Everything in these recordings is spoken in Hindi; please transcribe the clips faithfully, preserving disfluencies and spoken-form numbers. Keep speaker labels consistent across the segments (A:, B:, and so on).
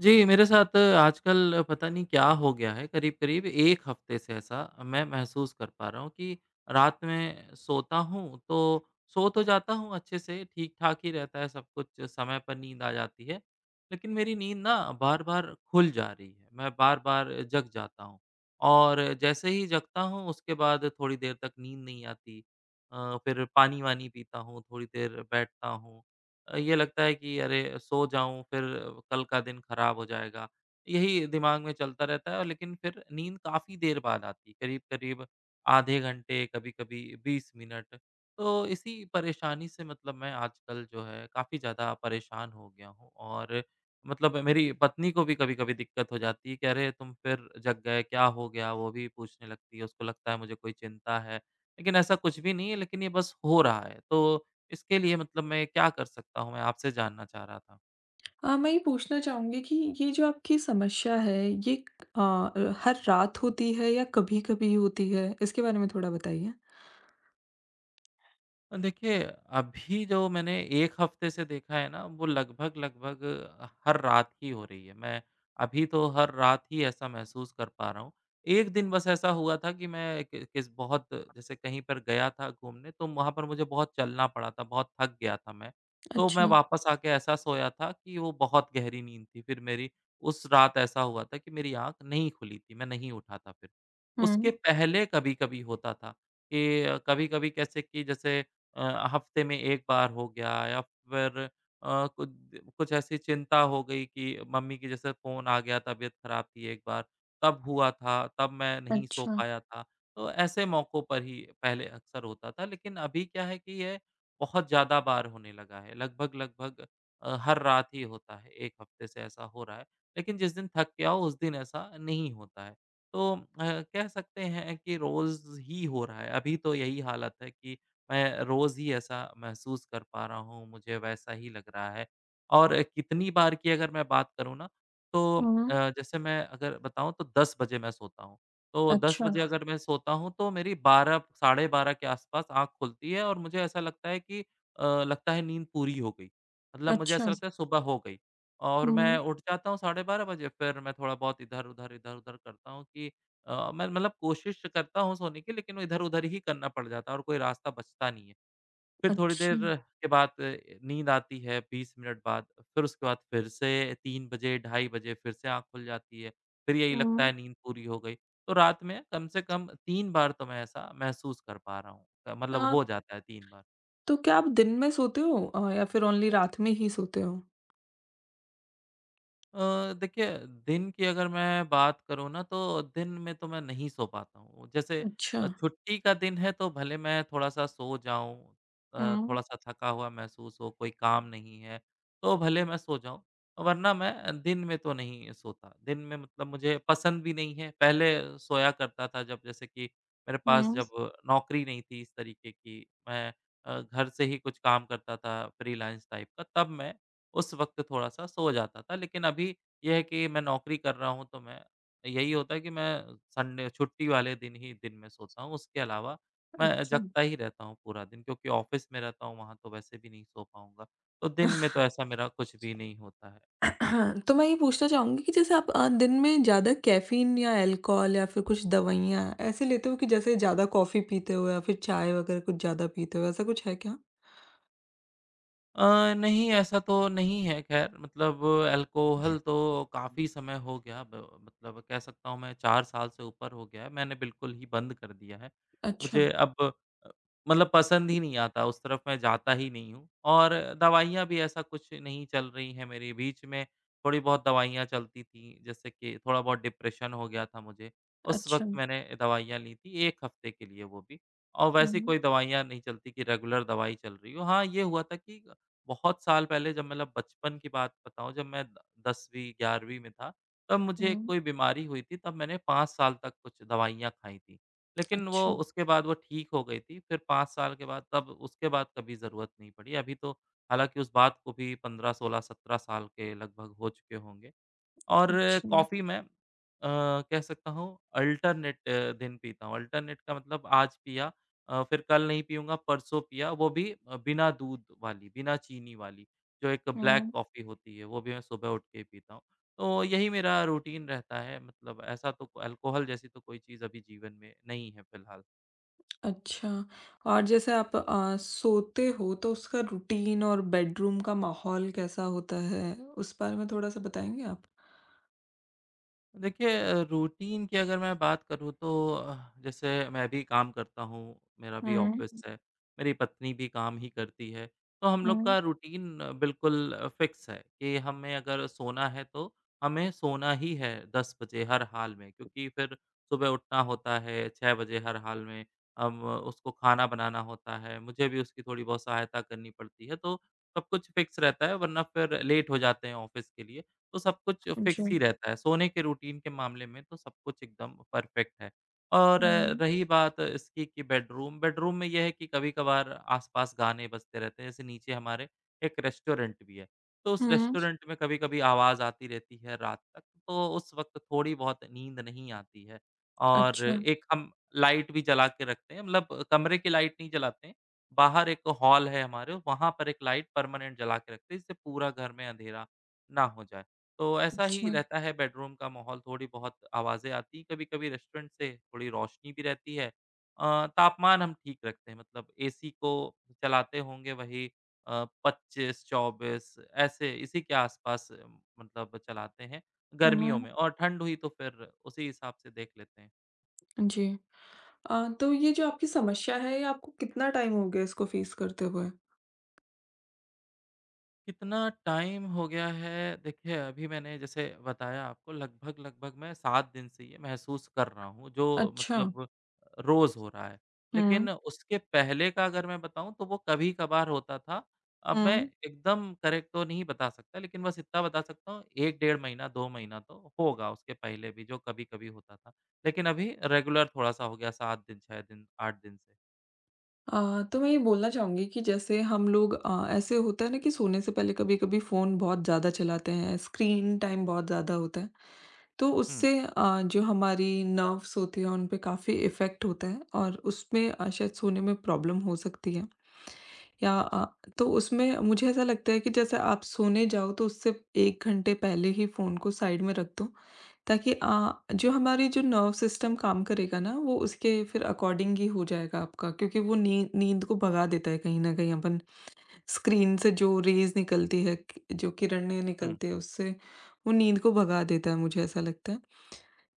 A: जी, मेरे साथ आजकल पता नहीं क्या हो गया है। करीब-करीब एक हफ्ते से ऐसा मैं महसूस कर पा रहा हूँ कि रात में सोता हूँ, तो सो तो जाता हूँ अच्छे से, ठीक-ठाक ही रहता है सब कुछ, समय पर नींद आ जाती है। लेकिन मेरी नींद ना बार-बार खुल जा रही है मैं बार-बार जग जाता हूँ। और जैसे ही जगता हूँ उसके बाद थोड़ी देर तक नींद नहीं आती। अ, फ़िर पानी-वानी पीता हूँ, थोड़ी देर बैठता हूँ। अ, ये लगता है कि अरे सो जाऊँ फ़िर कल का दिन खराब हो जाएगा। यही दिमाग में चलता रहता है लेकिन फ़िर नींद काफ़ी देर बाद आती है। करीब-करीब आधे घंटे, कभी-कभी बीस मिनट। तो इसी परेशानी से मतलब मैं आजकल जो है काफ़ी ज़्यादा परेशान हो गया हूँ। और मतलब मेरी पत्नी को भी कभी-कभी दिक्कत हो जाती है कि अरे! तुम फ़िर जग गए, क्या हो गया? वो भी पूछने लगती है। उसको लगता है मुझे कोई चिंता है लेकिन ऐसा कुछ भी नहीं है, लेकिन ये बस हो रहा है। तो इसके लिए मतलब मैं क्या कर सकता हूँ, मैं आपसे जानना चाह रहा था?
B: अ, मैं ये पूछना चाहूँगी कि ये जो आपकी समस्या है, ये क अ, हर रात होती है या कभी-कभी होती है? इसके बारे में थोड़ा बताइए?
A: देखिए, अभी जो मैंने एक हफ्ते से देखा है ना, वो लगभग-लगभग हर रात ही हो रही है। मैं अभी तो हर रात ही ऐसा महसूस कर पा रहा हूँ। एक दिन बस ऐसा हुआ था कि मैं बहुत जैसे कहीं पर गया था घूमने तो वहाँ पर मुझे बहुत चलना पड़ा था, बहुत थक गया था मैं। तो मैं
B: अच्छा।
A: वापस आके ऐसा सोया था कि वो बहुत गहरी नींद थी फ़िर मेरी, उस रात ऐसा हुआ था कि मेरी आँख नहीं खुली थी, मैं नहीं उठा था फ़िर। उसके
B: हुँ।
A: पहले कभी-कभी होता था कि कभी-कभी कैसे कि जैसे अ, हफ्ते में एक बार हो गया या फ़िर अ, कुछ कुछ ऐसी चिंता हो गई कि मम्मी की जैसे फ़ोन आ गया, तबीयत खराब थी एक बार। तब हुआ था, तब मैं नहीं सो
B: अच्छा।
A: पाया था। तो ऐसे मौकों पर ही पहले अक्सर होता था। लेकिन अभी क्या है कि ये बहुत ज़्यादा बार होने लगा है, लगभग-लगभग अ, हर रात ही होता है। एक हफ्ते से ऐसा हो रहा है लेकिन जिस दिन थक के आऊँ, उस दिन ऐसा नहीं होता है। तो अ, कह सकते हैं कि रोज़ ही हो रहा है अभी तो यही हालत है कि मैं रोज़ ही ऐसा महसूस कर पा रहा हूँ। मुझे वैसा ही लग रहा है और कितनी बार की अगर मैं बात करँ ना तो अ,
B: हुँ।
A: जैसे मैं अगर बताऊँ तो दस बजे मैं सोता हूँ। तो दस बजे
B: अच्छा।
A: अगर मैं सोता हूँ तो मेरी बारह साढ़े बारह के आसपास आँख खुलती है और मुझे ऐसा लगता है कि अ, लगता है नींद पूरी हो गई। मतलब मुझे
B: अच्छा।
A: ऐसा लगता है सुबह हो गई और मैं
B: हुँ।
A: उठ जाता हूँ साढ़े बारह बजे। फ़िर मैं थोड़ा-बहुत इधर-उधर, इधर-उधर करता हूँ कि अ, मैं मतलब कोशिश करता हूँ सोने की, लेकिन इधर-उधर ही करना पड़ जाता है और कोई रास्ता बचता नहीं है। फ़िर थोड़ी देर
B: अच्छा।
A: के बाद नींद आती है बीस मिनट बाद। फ़िर उसके बाद फ़िर से तीन बजे, ढाई बजे फ़िर से आँख खुल जाती है। फ़िर यही लगता है
B: हुँ।
A: नींद पूरी हो गई, तो रात में कम से कम तीन बार तो मैं ऐसा महसूस कर पा रहा हूँ। मतलब
B: हाँ।
A: हो जाता है तीन बार।
B: तो क्या आप दिन में सोते हो अ, या फ़िर ओनली रात में ही सोते हो?
A: अ, देखिए, दिन की अगर मैं बात करूँ ना तो दिन में तो मैं नहीं सो पाता हूँ। जैसे अ,
B: अच्छा।
A: छुट्टी का दिन है तो भले मैं थोड़ा-सा सो जाऊँ, अ,
B: हुँ।
A: थोड़ा-सा थका हुआ महसूस हो, कोई काम नहीं है तो भले मैं सो जाऊँ। वरना मैं अ, दिन में तो नहीं सोता, दिन में मतलब मुझे पसंद भी नहीं है। पहले सोया करता था जब जैसे कि मेरे पास
B: हुँ।
A: जब नौकरी नहीं थी इस तरीके की मैं अ, घर से ही कुछ काम करता था फ़्रीलांस टाइप का, तब मैं उस वक़्त थोड़ा-सा सो जाता था। लेकिन अभी ये है कि मैं नौकरी कर रहा हूँ तो मैं यही होता है कि मैं अ, संडे छुट्टी वाले दिन ही दिन में सोता हूँ, उसके अलावा मैं
B: अच्छा।
A: जगता ही रहता हूँ पूरा दिन। क्योंकि ऑफ़िस में रहता हूँ, वहाँ तो वैसे भी नहीं सो पाऊँगा। तो दिन में तो ऐसा मेरा कुछ भी नहीं होता है।
B: तो मैं ये पूछना चाहूँगी कि जैसे आप अ, दिन में ज़्यादा कैफ़ीन या अल्कोहल या फ़िर कुछ दवाइयाँ। ऐसे लेते हो कि जैसे ज़्यादा कॉफ़ी पीते हो या फ़िर चाय वगैरह कुछ ज़्यादा पीते हो? ऐसा कुछ है क्या?
A: अ, नहीं, ऐसा तो नहीं है खैर मतलब अल्कोहल तो काफ़ी समय हो गया ब मतलब कह सकता हूँ मैं चार साल से ऊपर हो गया है, मैंने बिल्कुल ही बंद कर दिया है।
B: अच्छा।
A: मुझे अब अ, मतलब पसंद ही नहीं आता, उस तरफ मैं जाता ही नहीं हूँ, और दवाइयाँ भी ऐसा कुछ नहीं चल रही है मेरी बीच में थोड़ी-बहुत दवाइयाँ चलती थी। जैसे कि थोड़ा-बहुत डिप्रेशन हो गया था मुझे। उस वक़्त
B: अच्छा।
A: मैंने दवाइयाँ ली थी एक हफ्ते के लिए वो भी, और वैसे
B: हुँ।
A: कोई दवाइयाँ नहीं चलती कि रेगुलर दवाई चल रही हो। हाँ, ये हुआ था कि अ, बहुत साल पहले जब मतलब बचपन की बात बताऊँ, जब मैं द दसवीं ग्यारहवीं में था, तब मुझे
B: हुँ।
A: कोई बीमारी हुई थी, तब मैंने पाँच साल तक कुछ दवाइयाँ खाई थी। लेकिन वो
B: अच्छा।
A: उसके बाद वो ठीक हो गई थी, फ़िर पाँच साल के बाद तब उसके बाद कभी ज़रूरत नहीं पड़ी। अभी तो हालाँकि उस बात को भी पंद्रह सोलह सत्रह साल के लगभग हो चुके होंगे। और
B: अच्छा।
A: कॉफ़ी मैं अ, कह सकता हूँ अल्टर्नेट दिन पीता हूँ। अल्टर्नेट का मतलब आज पिया अ, फ़िर कल नहीं पीऊँगा, परसों पिया, वो भी अ, बिना दूध वाली, बिना चीनी वाली। जो एक ब्लैक
B: हुँ।
A: कॉफ़ी होती है, वो भी मैं सुबह उठ के पीता हूँ। तो यही मेरा रूटीन रहता है मतलब ऐसा तो अल्कोहल जैसी तो कोई चीज़ अभी जीवन में नहीं है फ़िलहाल।
B: अच्छा। और जैसे आप अ, सोते हो तो उसका रूटीन और बेडरूम का माहौल कैसा होता है? उस बारे में थोड़ा-सा बताएँगे आप?
A: देखिए अ, रूटीन की अगर मैं बात करूँ तो अ, जैसे मैं भी काम करता हूँ, मेरा भी ऑफ़िस
B: हुँ।
A: है, मेरी पत्नी भी काम ही करती है। तो हम लोग
B: हुँ।
A: का रूटीन बिल्कुल फिक्स है कि हमें अगर सोना है तो हमें सोना ही है दस बजे हर हाल में क्योंकि फिर सुबह उठना होता है छह बजे हर हाल में, अब उसको खाना बनाना होता है, मुझे भी उसकी थोड़ी-बहुत सहायता करनी पड़ती है तो सब कुछ फिक्स रहता है वरना फिर लेट हो जाते हैं ऑफ़िस के लिए। तो सब कुछ फिक्स
B: जी।
A: ही रहता है, सोने के रूटीन के मामले में तो सब कुछ एकदम परफेक्ट है। और
B: हुँ।
A: रही बात इसकी कि बेडरूम, बेडरूम में ये है कि कभी-कभार आसपास गाने बजते रहते हैं जैसे नीचे हमारे एक रेस्टोरेंट भी है, तो उस
B: हुँ।
A: रेस्टोरेंट में कभी-कभी आवाज़ आती रहती है रात तक। तो उस वक़्त थोड़ी-बहुत नींद नहीं आती है और
B: अच्छा।
A: एक हम लाइट भी जला के रखते हैं मतलब कमरे की लाइट नहीं जलाते हैं, बाहर एक हॉल है हमारे, वहाँ पर एक लाइट परमानेंट जला कर रखते हैं जिससे पूरा घर में अँधेरा, ना हो जाए। तो ऐसा ही
B: जी।
A: रहता है बेडरूम का माहौल थोड़ी बहुत आवाज़ें आती हैं, कभी-कभी रेस्टोरेंट से थोड़ी रोशनी भी रहती है अ, तापमान हम ठीक रखते हैं मतलब एसी को चलाते होंगे वही अ, पच्चीस चौबीस ऐसे इसी के आसपास मतलब चलाते हैं,
B: हुँ,
A: गर्मियों
B: हुँ।
A: में और ठंड हुई तो फिर उसी हिसाब से देख लेते हैं।
B: जी। अ, तो ये जो आपकी समस्या है, ये आपको कितना टाइम हो गया इसको फेस करते हुए?
A: कितना टाइम हो गया है, देखिए अभी मैंने जैसे बताया आपको लगभग-लगभग मैं सात दिन से ये महसूस कर रहा हूँ, जो
B: अच्छा।
A: मतलब रोज़ हो रहा है। लेकिन
B: हुँ।
A: उसके पहले का अगर मैं बताऊँ तो वो कभी-कभार होता था, अब मैं
B: हुँ।
A: एकदम करेक्ट तो नहीं बता सकता लेकिन बस इतना बता सकता हूँ एक डेढ़ महीना, दो महीना तो होगा उसके पहले भी जो कभी-कभी होता था। लेकिन अभी रेगुलर थोड़ा-सा हो गया सात दिन, छह दिन, आठ दिन
B: अ, तो मैं ये बोलना चाहूँगी कि जैसे हम लोग अ, ऐसे होता है ना कि सोने से पहले कभी-कभी फोन बहुत ज़्यादा चलाते हैं, स्क्रीन टाइम बहुत ज़्यादा होता है। तो
A: हुँ।
B: उससे अ, जो हमारी नर्वस होती हैं, उन पे काफ़ी इफ़ेक्ट होता है और उसमें अ, शायद सोने में प्रॉब्लम हो सकती है। या अ,
A: अच्छा।
B: तो उसमें मुझे ऐसा लगता है कि जैसे आप सोने जाओ तो उससे एक घंटे पहले ही फोन को साइड में रख दो ताकि अ, जो हमारी जो नर्व सिस्टम काम करेगा ना वो उसके फिर अकॉर्डिंग ही हो जाएगा आपका क्योंकि वो नीं नींद को भगा देता है कहीं न कहीं अपन स्क्रीन से जो रेज़ निकलती है, जो किरणें
A: हुँ।
B: निकलती हैं उससे, वो नींद को भगा देता है मुझे ऐसा लगता है।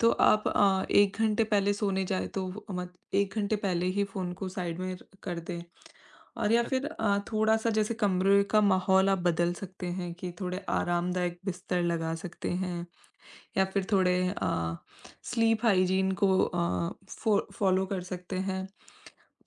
B: तो आप अ, एक घंटे पहले सोने जाएँ तो मत एक घंटे पहले ही फोन को साइड में र कर दें और या
A: यद्।
B: फिर अ, थोड़ा-सा जैसे कमरे का माहौल आप बदल सकते हैं कि थोड़े आरामदायक बिस्तर लगा सकते हैं या फिर थोड़े अ, स्लीप हाइजीन को अ, फॉ फॉलो कर सकते हैं,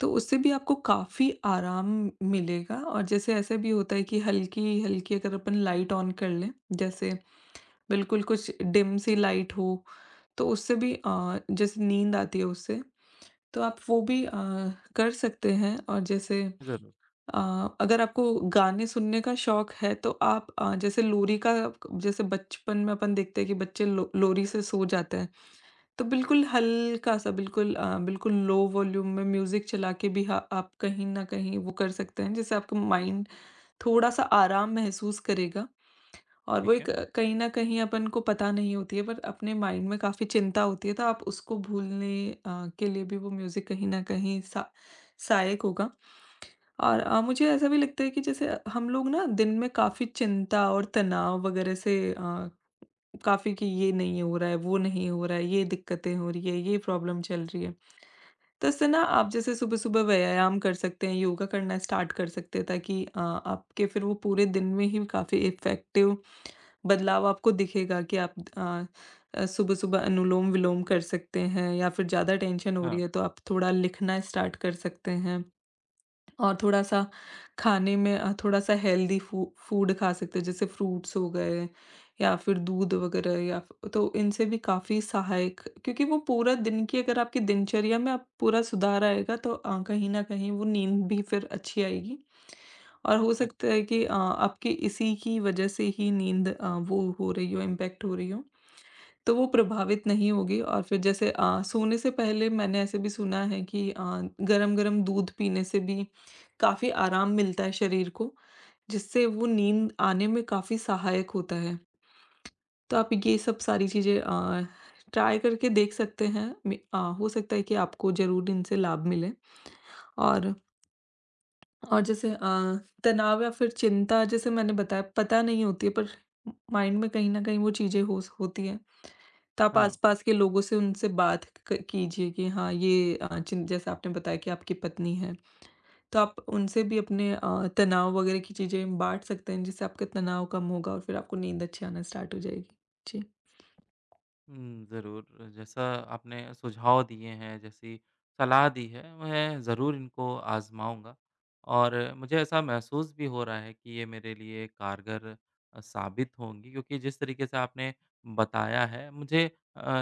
B: तो उससे भी आपको काफ़ी आराम मिलेगा और जैसे ऐसे भी होता है कि हल्की-हल्की अगर अपन लाइट ऑन कर लें जैसे बिल्कुल कुछ डिम सी लाइट हो, तो उससे भी अ, जैसे नींद आती है उससे, तो आप वो भी अ, कर सकते हैं और जैसे
A: ज़रूर।
B: अ, अगर आपको गाने सुनने का शौक है तो आप अ, जैसे लोरी का जैसे बचपन में अपन देखते हैं कि बच्चे लो लोरी से सो जाते हैं, तो बिल्कुल हल्का-सा बिल्कुल अ, लो वॉल्यूम में म्यूजिक चलाकर भी ह आप कहीं न कहीं वो कर सकते हैं जिससे आपका माइंड थोड़ा-सा आराम महसूस करेगा और वो
A: ठीक है।
B: कहीं न कहीं अपन को पता नहीं होती है पर अपने माइंड में काफ़ी चिंता होती है तो आप उसको भूलने अ, के लिए भी वो म्यूजिक कहीं न कहीं स सहायक होगा। और अ, मुझे ऐसा भी लगता है कि जैसे हम लोग ना दिन में काफ़ी चिंता और तनाव वगैरह से अ, काफ़ी कि ये नहीं हो रहा है, वो नहीं हो रहा है, ये दिक्कतें हो रही है, ये प्रॉब्लम चल रही है। तो इससे ना आप जैसे सुबह-सुबह व्यायाम कर सकते हैं, योग करना स्टार्ट कर सकते हैं ताकि अ, आपके फिर वो पूरे दिन में ही काफ़ी इफेक्टिव बदलाव आपको दिखेगा कि आप अ, सुबह-सुबह अनुलोम-विलोम कर सकते हैं या फिर ज़्यादा टेंशन हो रही
A: हाँ।
B: है तो आप थोड़ा लिखना स्टार्ट कर सकते हैं और थोड़ा-सा खाने में अ, थोड़ा-सा हेल्थी फू फूड खा सकते हैं जैसे फ्रूट्स हो गए या फिर दूध वगैरह या तो इनसे भी काफ़ी सहायक क्योंकि वो पूरा दिन की अगर आपकी दिनचर्या में अ, पूरा सुधार आएगा तो अ, कहीं न कहीं वो नींद भी फिर अच्छी आएगी। और हो
A: अध।
B: सकता है कि अ, आपके इसी की वजह से ही नींद अ, वो हो रही हो, इम्पैक्ट हो रही हो तो वो प्रभावित नहीं होगी और फिर जैसे अ, सोने से पहले मैंने ऐसे भी सुना है कि अ, गरम-गरम दूध पीने से भी काफ़ी आराम मिलता है शरीर को, जिससे वो नींद आने में काफ़ी सहायक होता है। तो आप ये सब सारी चीजें अ, टॉय करके देख सकते हैं, मि अ, हो सकता है कि आपको ज़रूर इनसे लाभ मिले। और और जैसे अ, तनाव या फिर चिंता जैसे मैंने बताया पता नहीं होती है पर माइंड में कहीं न कहीं वो चीजें हो स होती हैं तो आप
A: हाँ।
B: आसपास के लोगों से उनसे बात क कीजिए कि हाँ, ये अ, चीन जैसे आपने बताया कि आपकी पत्नी है, तो आप उनसे भी अपने अ, तनाव वगैरह की चीजें बाँट सकते हैं जिससे आपका तनाव कम होगा और फिर आपको नींद अच्छी आना स्टार्ट हो जाएगी। जी।
A: हुँ, ज़रूर जैसा आपने सुझाव दिए हैं, जैसी सलाह दी है, मैं ज़रूर इनको आजमाऊँगा और मुझे ऐसा महसूस भी हो रहा है कि ये मेरे लिए कारगर अ, साबित
B: जी।
A: होंगी क्योंकि जिस तरीके से आपने बताया है अ, मुझे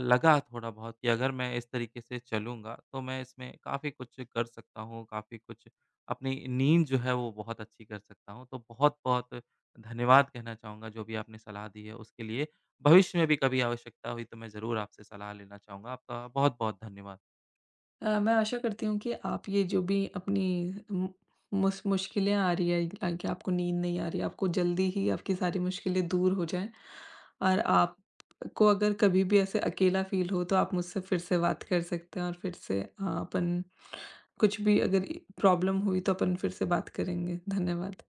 A: लगा थोड़ा-बहुत कि अगर मैं इस तरीके से चलूँगा, तो मैं इसमें काफ़ी कुछ कर सकता हूँ काफ़ी कुछ अपनी नींद जो है वो बहुत अच्छी कर सकता हूँ तो बहुत-बहुत धन्यवाद कहना चाहूँगा जो भी आपने सलाह दी है उसके लिए, भविष्य में भी कभी आवश्यकता हुई, तो मैं ज़रूर आपसे सलाह लेना चाहूँगा। आपका बहुत-बहुत धन्यवाद।
B: अ, मैं आशा करती हूँ कि आप ये जो भी अपनी मु मूश मुश्किलें आ रही हैं ताकि आपको नींद नहीं आ रही है, आपको जल्दी ही आपकी सारी मुश्किलें दूर हो जाएँ और आपको अगर कभी भी ऐसे अकेला फील हो तो आप मुझसे फिर से बात कर सकते हैं और फिर से अ, अपन कुछ भी अगर प्रॉब्लम हुई तो अपन फिर से बात करेंगे। धन्यवाद।